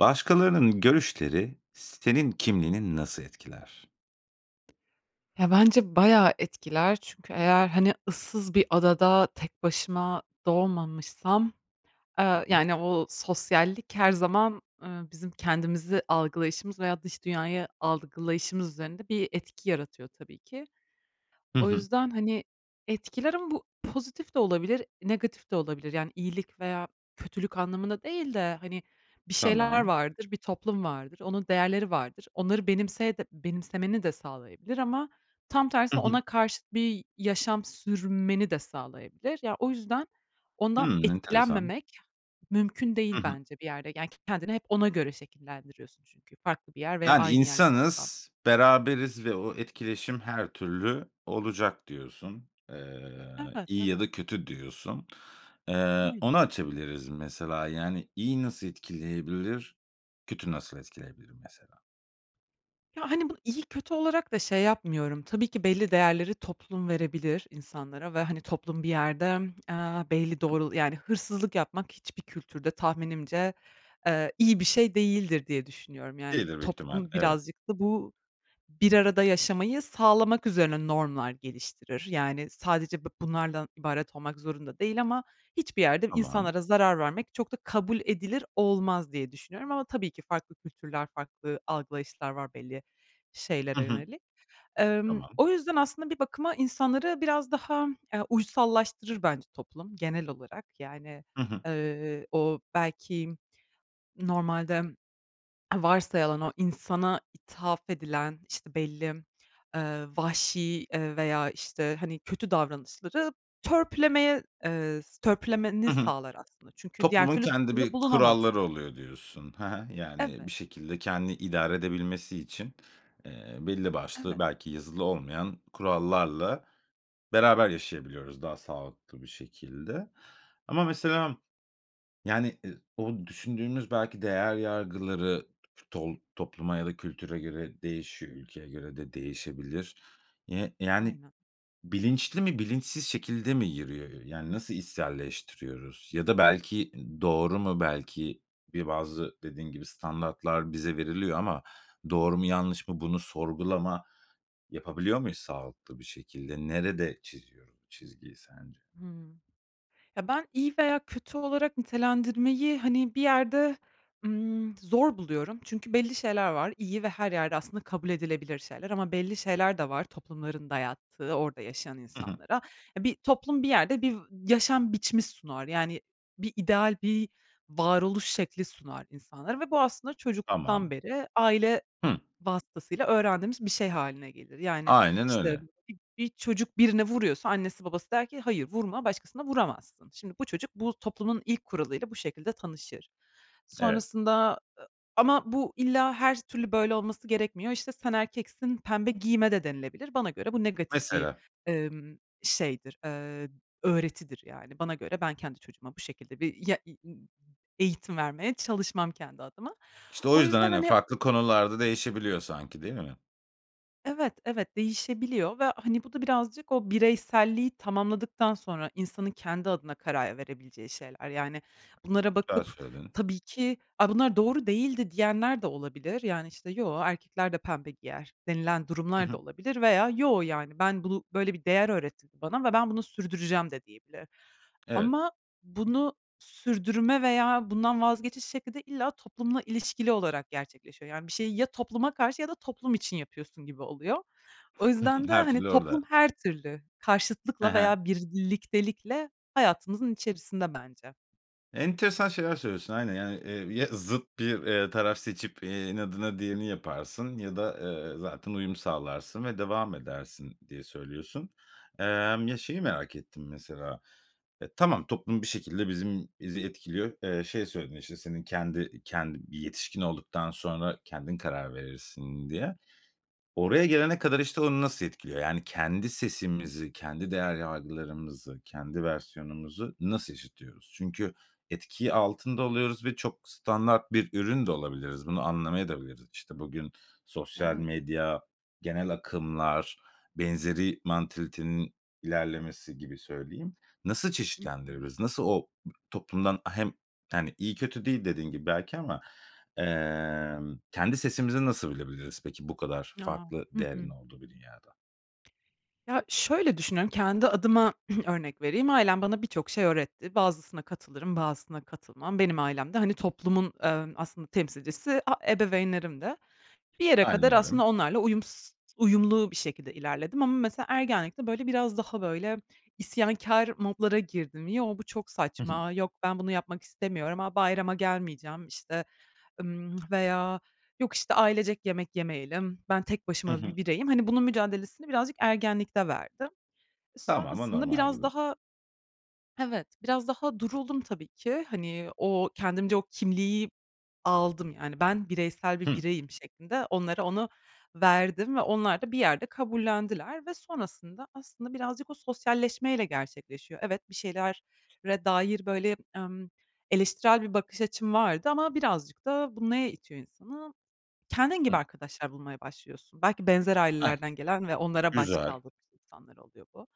Başkalarının görüşleri s senin kimliğini nasıl etkiler? Ya, bence bayağı etkiler çünkü eğer, hani, ıssız bir adada tek başıma doğmamışsam, Hı eee, hı. yani, o sosyallik her zaman, ııı, bizim kendimizi algılayışımız, veya dış dünyayı algılayışımız üzerinde bir etki yaratıyor tabii ki. Hı O hı. yüzden, hani, etkiler ama bu pozitif de olabilir, negatif de olabilir. Yani, iyilik veya kötülük anlamında değil de, hani, bir şeyler Tamam. vardır, bir toplum vardır, onun değerleri vardır, onları benimseye de benimsemeni de sağlayabilir. Ama tam Hı tersine hı. ona karşıt bir yaşam sürmeni de sağlayabilir. Ya, o yüzden ondan Hımm, enteresan. etkilenmemek mümkün Hı değil hı. bence bir yerde. Yani, k kendini hep ona göre şekillendiriyorsun çünkü farklı bir yer veya Yani aynı yer de olsa. insanız, beraberiz ve o etkileşim her türlü olacak diyorsun. Eee, Evet, iyi ya evet. da kötü diyorsun. Eee, Aynı. onu açabiliriz mesela, yani, iyi nasıl etkileyebilir, kötü nasıl etkileyebilir mesela? Ya, hani, bunu iyi kötü olarak da şey yapmıyorum, tabii ki belli değerleri toplum verebilir insanlara ve, hani, toplum bir yerde, aaa, belli [unintelligible] doğrul yani hırsızlık yapmak hiçbir kültürde tahminimce, eee, iyi bir şey değildir diye düşünüyorum. Yani, İyidir büyük ihtimal, toplum evet. birazcık da bu bir arada yaşamayı sağlamak üzerine normlar geliştirir. Yani, sadece bu bunlardan ibaret olmak zorunda değil ama hiçbir yerde Tamam. insanlara zarar vermek çok da kabul edilir olmaz diye düşünüyorum ama, tabii ki farklı kültürler, farklı algılayışlar var belli Hı şeylere hı. yönelik. Emm, Tamam. o yüzden aslında bir bakıma insanları biraz daha, eee, uysallaştırır bence toplum genel olarak. Yani, Hı hı. ııı, o belki normalde varsayılan o insana ithaf edilen işte belli, ııı, vahşi, ııı, veya işte, hani, kötü davranışları törpülemeye, ııı, s törpülemeni Hı hı. sağlar aslında. Çünkü diğer Toplumun türlü kendi toplumda bir kuralları bulunamazsın. oluyor diyorsun, he he, yani bir Evet. şekilde kendini idare edebilmesi için, eee, belli başlı Evet. belki yazılı olmayan kurallarla beraber yaşayabiliyoruz daha sağlıklı bir şekilde. Ama mesela, yani, ı o düşündüğümüz belki değer yargıları, t tol topluma ya da kültüre göre değişiyor, ülkeye göre de değişebilir. Yi yani Aynen. bilinçli mi bilinçsiz şekilde mi yürüyor? Ö yani nasıl içselleştiriyoruz ya da belki, ııı, doğru mu, belki bir bazı dediğin gibi standartlar bize veriliyor ama doğru mu yanlış mı bunu sorgulama yapabiliyor muyuz sağlıklı bir şekilde? Nerede çiziyoruz bu çizgiyi sence? Hıı, ya ben iyi veya kötü olarak nitelendirmeyi, hani, bir yerde, ımm, zor buluyorum çünkü belli şeyler var. İyi ve her yerde aslında kabul edilebilir şeyler ama belli şeyler de var, toplumların dayattığı orada yaşayan Hı hı. insanlara. Ya bir toplum bir yerde bir v yaşam biçimi sunar, yani, bir ideal bir varoluş şekli sunar insanlara ve bu aslında çocukluktan Tamam. beri aile Hı. vasıtasıyla öğrendiğimiz bir şey hâline gelir. Yani Aynen işte öyle. bir bir çocuk birine vuruyorsa annesi babası der ki "Hayır, vurma başkasına vuramazsın." Şimdi, bu çocuk bu toplumun ilk kuralıyla bu şekilde tanışır. Evet. Sonrasında, ı ama bu illa her türlü böyle olması gerekmiyor, işte, "Sen erkeksin, pembe giyme." de denilebilir. Bana göre bu negatif bir, Mesela. ımm, şeydir, ııı, öğretidir yani. Bana göre ben kendi çocuğuma bu şekilde bir ya [unintelligible] eğitim vermeye çalışmam kendi adıma. İşte o O yüzden, yüzden hani, hani farklı konularda değişebiliyor sanki değil mi? Evet, evet, değişebiliyor ve, hani, bu da birazcık o bireyselliği tamamladıktan sonra insanın kendi adına karar verebileceği şeyler. Yani bunlara Güzel bakıp, söyledin. tabii ki, “A bunlar doğru değildi.” diyenler de olabilir, yani işte “Yoo, erkekler de pembe giyer.” denilen Hı durumlar da hı. olabilir veya “Yoo, yani ben bunu böyle bir değer öğretildi bana ve ben bunu sürdüreceğim.” de diyebilir. Evet. Ama bunu sürdürme veya bundan vazgeçiş şekli de illa toplumla ilişkili olarak gerçekleşiyor. Yani bir şeyi ya topluma karşı ya da toplum için yapıyorsun gibi oluyor. O Hı hı, yüzden de, her hani, türlü orada. toplum her türlü He karşıtlıkla he. veya bir birliktelikle hayatımızın içerisinde bence. Enteresan şeyler söylüyorsun aynen. Yani, eee, ya zıt bir, eee, taraf seçip, eee, inadına diğerini yaparsın ya da, eee, zaten uyum sağlarsın ve devam edersin, diye söylüyorsun. Emm, ya şeyi merak ettim mesela, e, tamam toplum bir şekilde bizim bizi etkiliyor. Eee, şey söyledin işte senin kendi, iii, kendi bir yetişkin olduktan sonra kendin karar verirsin diye. Oraya gelene kadar işte onu nasıl etkiliyor? Yani kendi sesimizi, kendi değer yargılarımızı, kendi versiyonumuzu nasıl işitiyoruz? Çünkü etkiyi altında oluyoruz ve çok standart bir ürün de olabiliriz, bunu anlamayadabiliriz. İşte bugün sosyal Evet. medya, genel akımlar, benzeri mantalitenin ilerlemesi gibi söyleyim, nasıl Hı hı. çeşitlendirebiliriz? Nasıl o, b toplumdan, a hem, hani, iyi kötü değil dediğin gibi belki ama, emm, kendi sesimizi nasıl bilebiliriz peki bu kadar A! farklı Hı değerin hı. olduğu bir dünyada? Ya, şöyle düşünüyorum, kendi adıma, örnek vereyim, ailem bana birçok şey öğretti. Bazısına katılırım, bazısına katılmam. Benim ailem de, hani, toplumun, emm, aslında, temsilcisi a ebeveynlerimdi. Bir yere kadar, Aynen öyle. aslında, onlarla uyums uyumlu bir şekilde ilerledim ama, mesela ergenlikte, böyle, biraz daha böyle, isyankâr modlara girdim. Yo, bu çok Hı hı. saçma, yok, ben bunu yapmak istemiyorum. A, bayrama gelmeyeceğim. İşte, ımm, veya yok, işte, ailecek yemek yemeyelim. Ben tek Hı başıma hı. bir bireyim. Hani, bunun mücadelesini birazcık ergenlikte verdim. E, Tamamı sonrasında, normal biraz gibi. daha Evet, biraz daha duruldum, tabii ki. Hani, o kendimce o kimliği aldım, yani, ben bireysel bir Hı. bireyim şeklinde onlara onu verdim ve onlar da bir yerde kabullendiler ve sonrasında, aslında birazcık o sosyalleşmeyle gerçekleşiyor. Evet, bir şeylere dair, böyle, emm, eleştirel bir bakış açım vardı ama birazcık da bu neye itiyor insanı? Kendin gibi Hı. arkadaşlar bulmaya başlıyorsun. Belki benzer A, ailelerden gelen ve onlara Güzel. başkaldırmış insanlar oluyor bu.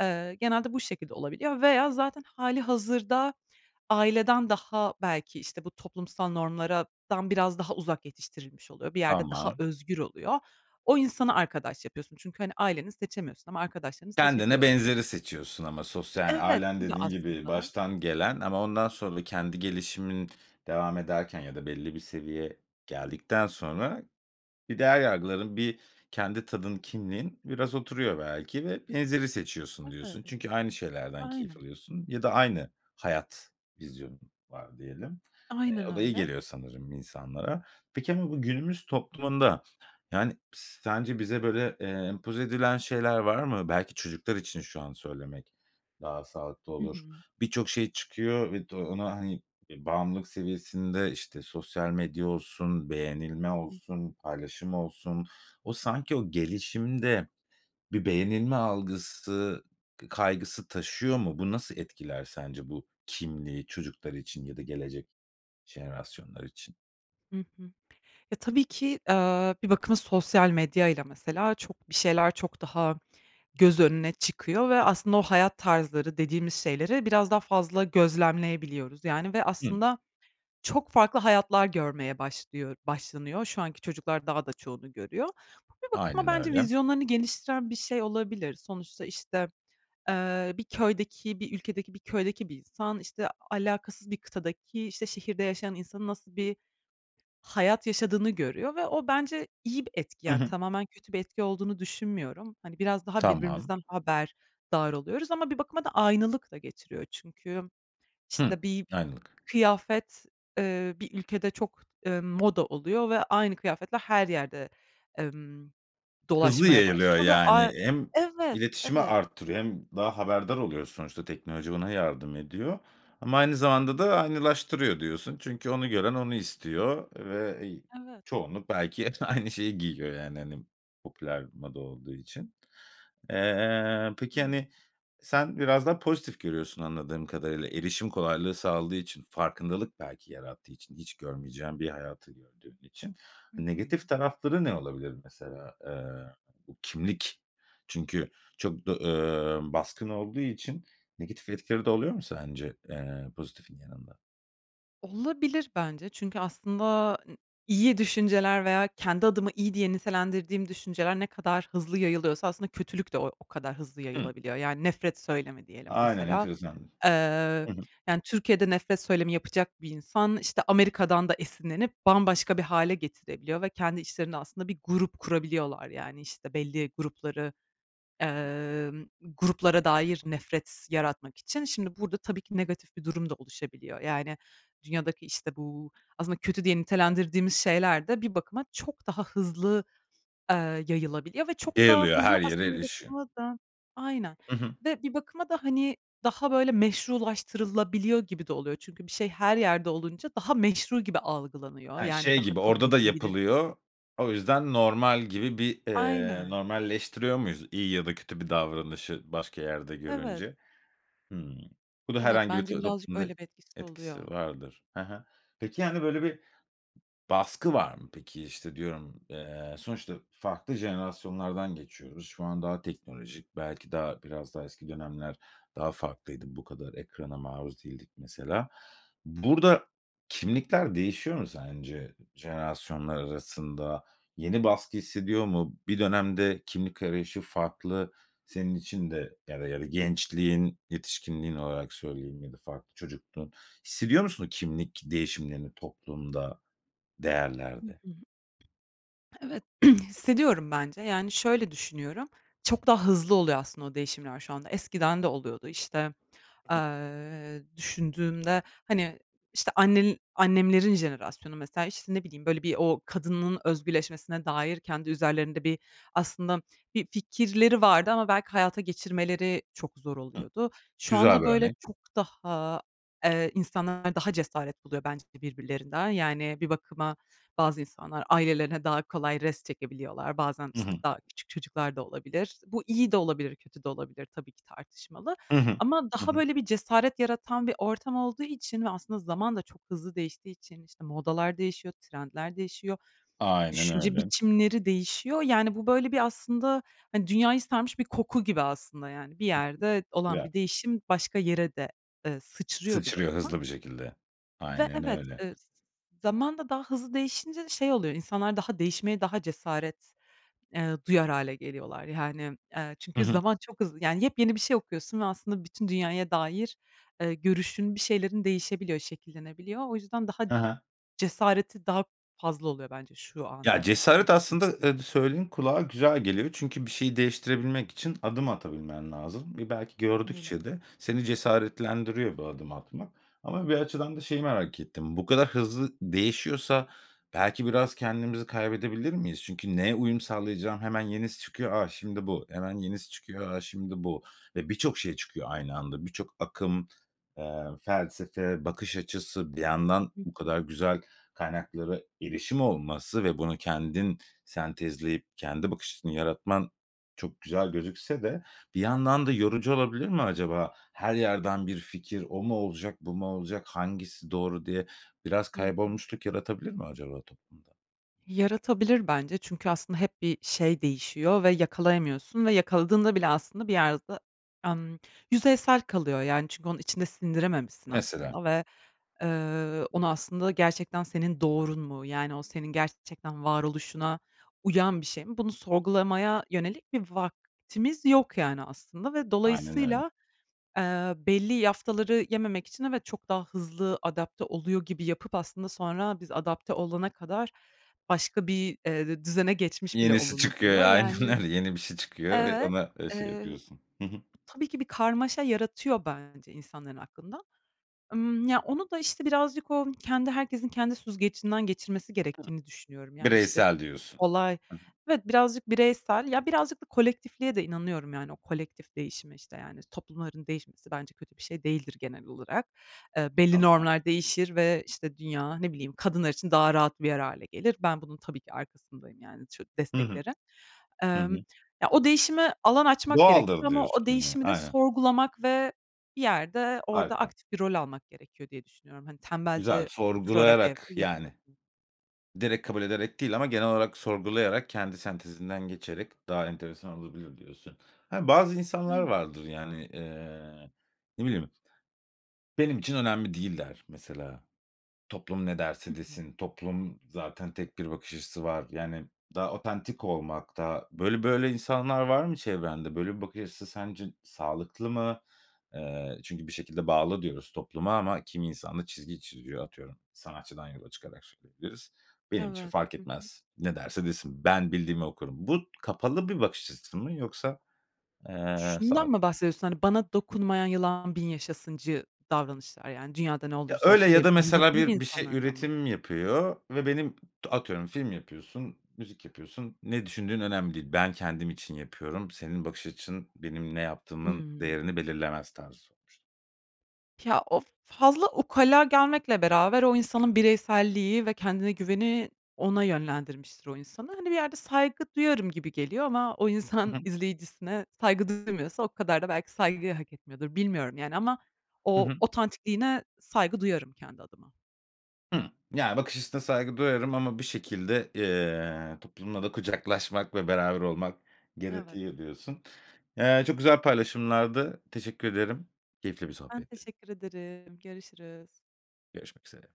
Eee, genelde bu şekilde olabiliyor veya zaten hâlihazırda aileden daha, belki, işte, bu toplumsal normlarlardan biraz daha uzak yetiştirilmiş oluyor, bir yerde daha Tamam. özgür oluyor. O insana arkadaş yapıyorsun çünkü, hani, aileni seçemiyorsun ama arkadaşlarını Kendine seçebiliyo benzeri seçiyorsun ama sosyal, Evet, hâlen, etkiliyor, dediğin gibi aslında. baştan gelen ama ondan sonra kendi gelişimin devam ederken ya da belli bir seviye geldikten sonra bir değer yargıların, bir kendi tadın, kimliğin biraz oturuyor belki, vb. seçiyorsun, diyorsun. Evet. Çünkü aynı şeylerden keyif Aynen. alıyorsun ya da aynı hayat vizyonun var diyelim. Eee, Aynen o da iyi öyle. geliyor sanırım insanlara. Peki, bu bu günümüz toplumunda, yani, pıs sence bize böyle, eee, empoze edilen şeyler var mı? Belki çocuklar için şu an söylemek daha sağlıklı Hı olur. hı. Birçok şey çıkıyor ve de ona, hani, eee, bağımlılık seviyesinde, işte, sosyal medya olsun, beğenilme Hı. olsun, paylaşım olsun. O, sanki o gelişiminde bir beğenilme algısı, kaygısı taşıyor mu? Bu nasıl etkiler sence bu kimliği çocuklar için ya da gelecek jenerasyonlar için? Hı hı. Ya, tabii ki, eee, bir bakıma sosyal medyayla mesela çok, bir şeyler çok daha göz önüne çıkıyor ve aslında o hayat tarzları dediğimiz şeyleri biraz daha fazla gözlemleyebiliyoruz. Yani, ve Hı. aslında çok farklı hayatlar görmeye başlıyor başlanıyor. Şu anki çocuklar daha da çoğunu görüyor. Ama bir bakıma Aynen bence öyle. vizyonlarını geliştiren bir şey olabilir. Sonuçta işte, eee, bir köydeki bir ülkedeki bir köydeki bir insan, işte, alakasız bir kıtadaki işte şehirde yaşayan insanın nasıl bir hayat yaşadığını görüyor ve o bence iyi bir etki, Hı yani, hı. tamamen kötü bir etki olduğunu düşünmüyorum. Hani, biraz daha Tamam. birbirimizden haberdar oluyoruz. Ama bir bakıma da aynılık da getiriyor çünkü Hıı, işte bir aynılık. kıyafet, eee, bir ülkede çok, eee, moda oluyor ve aynı kıyafetle her yerde, emm, Hızlı dolaşmaya yayılıyor, başlıyor ve yani, ay hem Evet, iletişimi evet. arttırıyor hem daha haberdar oluyoruz. Sonuçta teknoloji ona yardım ediyor. Ama aynı zamanda da aynılaştırıyor diyorsun çünkü onu gören onu istiyor ve, iii, Evet. çoğunluk belki hep aynı şeyi giyiyor. Yani, hani, popüler moda olduğu için. Eee, peki, Hıı. hani, sen biraz daha pozitif görüyorsun anladığım kadarıyla erişim kolaylığı sağladığı için, farkındalık belki yarattığı için hiç görmeyeceğin bir hayatı gördüğün için. Hı Negatif hı. tarafları ne olabilir mesela? Eee, bu kimlik çünkü çok do eee, baskın olduğu için negatif etkileri de oluyor mu sence, eee, pozitifin yanında? Olabilir bence. Çünkü aslında, ııı, iyi düşünceler veya kendi adıma iyi diye nitelendirdiğim düşünceler ne kadar hızlı yayılıyorsa aslında kötülük de o o kadar hızlı Hı. yayılabiliyor. Yani, nefret söylemi diyelim Aynen, mesela. enteresandır. Eee, Hı hı. yani, Türkiye'de nefret söylemi yapacak bir insan, işte, Amerika'dan da esinlenip bambaşka bir hâle getirebiliyor ve kendi içlerinde aslında bir grup kurabiliyorlar yani, işte, belli grupları, emm, gruplara dair nefret yaratmak için. Şimdi burada tabii ki negatif bir durum da oluşabiliyor. Yani, dünyadaki, işte, bu aslında kötü diye Tamam. nitelendirdiğimiz şeyler de bir bakıma çok daha hızlı, eee, yayılabiliyor ve çok daha Yayılıyor. hızlı Her yere aslında bir erişiyor. bakıma da Aynen Hı hı. ve bir bakıma da, hani, daha böyle meşrulaştırılabiliyor gibi de oluyor. Çünkü bir şey her yerde olunca daha meşru gibi algılanıyor, He, yani şey daha gibi kabul orada da edilebilir bir şey. yapılıyor, o yüzden normal gibi bir, eee, Aynen. normalleştiriyor muyuz? İyi ya da kötü bir davranışı başka yerde Evet. görünce. Hıı. Bu da Evet, herhangi bir bence t birazcık toplumda öyle bir etkisi etkisi oluyor. vardır. Hı hı. Peki, hani, böyle bir baskı var mı peki? İşte, diyorum, eee, sonuçta farklı jenerasyonlardan geçiyoruz. Şu an daha teknolojik belki daha biraz daha eski dönemler daha farklıydı. Bu kadar ekrana maruz değildik mesela. Burada kimlikler değişiyor mu sence jenerasyonlar arasında? Yeni baskı hissediyor mu? Bir dönemde kimlik arayışı farklı senin için de ya da ya gençliğin, yetişkinliğin olarak söyleyeyim ya da farklı çocukluğun. Hissediyor musun o kimlik değişimlerini toplumda, Hı değerlerde? hı. Evet, hissediyorum bence, yani, şöyle düşünüyorum; çok daha hızlı oluyor aslında o değişimler şu anda. Eskiden de oluyordu, işte, Hı hı. eee, düşündüğümde, hani, işte, annenl annemlerin jenerasyonu mesela, işte, ne bileyim, böyle, bir, o kadının özgürleşmesine dair kendi üzerlerinde bir aslında bir fikirleri vardı ama belki hayata geçirmeleri çok zor Hıh! oluyordu. Şu Güzel anda bir böyle örnek. çok daha, eee, insanlar daha cesaret buluyor bence de birbirlerinden. Yani, bir bakıma, bazı insanlar ailelerine daha kolay rest çekebiliyorlar. Bazen, Hı hı. işte, daha küçük çocuklar da olabilir. Bu iyi de olabilir, kötü de olabilir tabii ki tartışmalı Hı hı. ama Hı daha hı. böyle bir cesaret yaratan bir ortam olduğu için ve aslında zaman da çok hızlı değiştiği için, işte, modalar değişiyor, trendler değişiyor, Aynen düşünce öyle. biçimleri değişiyor, yani, bu böyle bir aslında, hani, dünyayı sarmış bir koku gibi aslında, yani, bir Hı hı. yerde olan Güzel. bir değişim başka yere de, eee, sıçrıyor bir Sıçrıyor bakıma. hızlı bir şekilde, Ve aynen evet, öyle. ııı, z z zaman da daha hızlı değişince de şey oluyor, insanlar daha değişmeye daha cesaret, eee, duyar hâle geliyorlar, yani, eee, Hı çünkü hı. zaman çok hızlı, yani, yepyeni bir şey okuyorsun ve aslında bütün dünyaya dair, ııı, görüşün, bir şeylerin değişebiliyor, şekillenebiliyor. O yüzden daha Hı hı. cesareti daha fazla oluyor bence şu Ya, anda yaşadığımız cesaret aslında, değişimlerin. ııı, d söylediğin kulağa güzel geliyor. Çünkü bir şeyi değiştirebilmek için adım atabilmen lazım. E, belki Öyle. gördükçe de seni cesaretlendiriyor bu adımı atmak. Ama bir açıdan da şeyi merak ettim, bu kadar hızlı değişiyorsa belki biraz kendimizi kaybedebilir miyiz? Çünkü neye uyum sağlayacağım? Hemen yenisi çıkıyor; "A! Şimdi bu" hemen yenisi çıkıyor; "A! Şimdi bu" ve birçok şey çıkıyor aynı anda. Birçok akım, eee, felsefe, bakış açısı, bir yandan Hı bu hı. kadar güzel kaynaklara erişim olması ve bunu kendin sentezleyip kendi bakış açısını yaratman çok güzel gözükse de bir yandan da yorucu olabilir mi acaba? Her yerden bir fikir; "O mu olacak, bu mu olacak, hangisi doğru?" diye biraz Hı hı. kaybolmuşluk yaratabilir mi acaba toplumda? Yaratabilir bence çünkü aslında hep bir şey değişiyor ve yakalayamıyorsun ve yakaladığında bile aslında bir yerde, emm, yüzeysel kalıyor, yani, çünkü onun içinde sindirememişsin Mesela. aslında ve, eee, onu aslında gerçekten senin doğrun mu, yani, o senin gerçekten varoluşuna uyan bir şey mi, bunu sorgulamaya yönelik bir vaktimiz yok, yani, aslında ve Aynen öyle. dolayısıyla, eee, belli yaftaları yememek için evet, çok daha hızlı adapte oluyor gibi yapıp aslında sonra biz adapte olana kadar başka bir, eee, d düzene geçmiş bile Yenisi çıkıyor, olunabiliyor. ya aynen Yani, öyle. Yeni bir şey çıkıyor ve evet. ona, eee, şey Eee, yapıyorsun. Hı hı. tabii ki bir karmaşa yaratıyor bence insanların aklında. Imm, ya onu da işte birazcık o kendi, herkesin kendi süzgecinden geçirmesi Hı. gerektiğini düşünüyorum. Yani, işte, Bireysel diyorsun. olay, Hı hı. evet birazcık bireysel ya birazcık da kolektifliğe de inanıyorum, yani, o kolektif değişime, işte, yani, toplumların değişmesi bence kötü bir şey değildir genel olarak. Eee, belli Tamam. normlar değişir ve, işte, dünya ne bileyim, kadınlar için daha rahat bir yer hâle gelir. Ben, bunun tabii ki arkasındayım, yani, çok Hı hı. desteklerim. Hı Emm, hı. ya o değişime alan açmak gerekiyor Doğaldır ama o diyorsun ya, değişimi de aynen. sorgulamak ve bir yerde orada Harika. aktif bir rol almak gerekiyor diye düşünüyorum. Hani, Güzel, tembelce oturarak evde sorgulayarak, yani, yapılıır [unintelligible] direkt kabul ederek değil ama genel olarak sorgulayarak, kendi sentezinden geçerek daha enteresan olabilir diyorsun. Hani, bazı insanlar Aynen. vardır yani. Eee, ne bileyim? "Benim için önemli değil" der mesela. "Toplum ne Hı derse hı. desin, toplum zaten tek bir bakış açısı var." Yani, daha otantik olmak da Böyle, böyle, insanlar var mı çevrende? Böyle bir bakış açısı sence sağlıklı mı? Eee, çünkü bir şekilde bağlı diyoruz topluma ama kimi insan da çizgi çiziyor, atıyorum, sanatçıdan yola çıkarak söyleyebiliriz. "Benim için Evet, fark hı hı. etmez, ne derse desin, ben bildiğimi okurum." Bu, kapalı bir bakış açısı mı, yoksa? Eee Şundan sa mı bahsediyorsun? Hani, bana dokunmayan yılan bin yaşasıncı davranışlar, yani, dünyada ne Ya olursa öyle olsun, ya benim da umrumda mesela değil bir bir şey insanlardan mı bahsediyorsun? üretim yapıyor ve benim atıyorum, film yapıyorsun, müzik yapıyorsun, ne düşündüğün önemli değil. Ben, kendim için yapıyorum, senin bakış açın benim ne yaptığımın Hıı. değerini belirlemez tarzı sormuştum. Ya, o fazla ukala gelmekle beraber, o insanın bireyselliği ve kendine güveni ona yönlendirmiştir o insanı. Hani, bir yerde saygı duyarım gibi geliyor ama o Hı insan hı. izleyicisine saygı duymuyorsa o kadar da belki saygıyı hak etmiyordur. Bilmiyorum, yani, ama Hı o, hı. otantikliğine saygı duyarım kendi adıma. Hı, yani, bakış açısına saygı duyarım ama bir şekilde, eee, toplumla da kucaklaşmak ve beraber olmak Evet. gerekiyor diyorsun. Eee, çok güzel paylaşımlardı, teşekkür ederim, keyifli bir Ben, sohbetti. teşekkür ederim, görüşürüz! Görüşmek üzere.